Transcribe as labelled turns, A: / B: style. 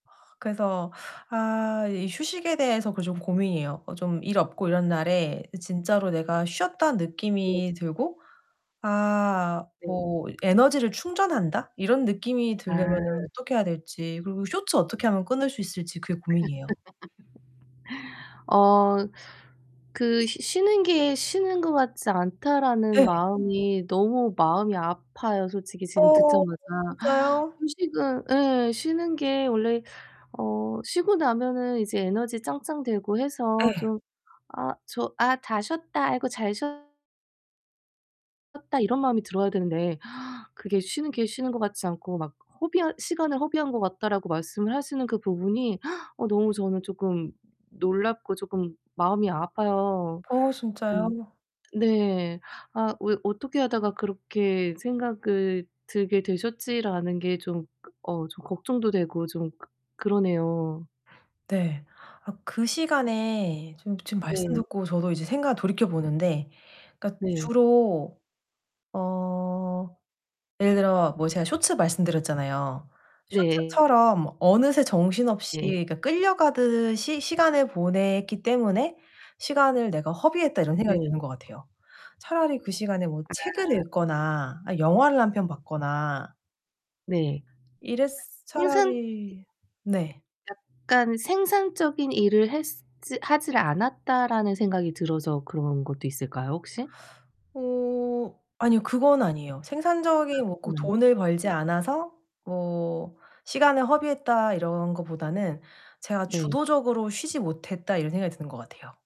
A: 그래서 아 이 휴식에 대해서 그 좀 고민이에요. 어 좀 일 없고 이런 날에 진짜로 내가 쉬었다는
B: 네.
A: 느낌이 들고 아
B: 네.
A: 뭐 '에너지를 충전한다.' 이런 느낌이 들려면은
B: 아.
A: 어떻게 해야 될지 그리고 쇼츠 어떻게 하면 끊을 수 있을지 그게 고민이에요.
B: 어 그 '쉬 쉬는 게 쉬는 것 같지 않다.'라는
A: 예.
B: 마음이 너무 마음이 아파요, 솔직히 지금
A: 어
B: 듣자마자.
A: 진짜요?
B: 휴식은 예 쉬는 게 원래 어 쉬고 나면은 이제 에너지 짱짱되고 해서
A: 예.
B: 좀 '아 저 아 다 쉬었다. 아이고 잘 쉬어' "었다." 이런 마음이 들어야 되는데 "그게 쉬는 게 쉬는 것 같지 않고 막 허비한 시간을 허비한 것 같다."라고 말씀을 하시는 그 부분이 어 너무 저는 쪼끔 놀랍고 쪼끔 마음이 아파요.
A: 어
B: 좀
A: 진짜요?
B: 네. '아 왜 어떻게 하다가 그렇게 생각을 들게 되셨지?'라는 게 좀 어 좀 걱정도 되고 좀 그-그러네요.
A: 네. 아 그 시간에 지금 지금 말씀
B: 네.
A: 듣고 저도 이제 생각을 돌이켜 보는데 그러니까
B: 네.
A: 주로 어 예를 들어 뭐 제가 쇼츠 말씀드렸잖아요.
B: 네.
A: 쇼츠처럼 어느새 정신없이
B: 예.
A: 이렇게 끌려가듯이 시간을 보냈기 때문에 '시간을 내가 허비했다.' 이런 생각이
B: 네.
A: 드는 것 같아요. 차라리 그 시간에 뭐
B: 아.
A: 책을 읽거나 아 영화를 1 편 봤거나
B: 네.
A: 이랬으
B: 생산
A: 차라리 네.
B: 약간 '생산적인 일을 했으 지 하질 않았다.'라는 생각이 들어서 그런 것도 있을까요, 혹시?
A: 어 아니요 그건 아니에요.
B: 아
A: '생산적인 뭐 꼭
B: 그건 아니고.
A: 돈을 벌지
B: 네.
A: 않아서 뭐 시간을 허비했다.' 이런 것보다는 '제가
B: 네.
A: 주도적으로 쉬지 못했다.' 이런 생각이 드는 것 같아요.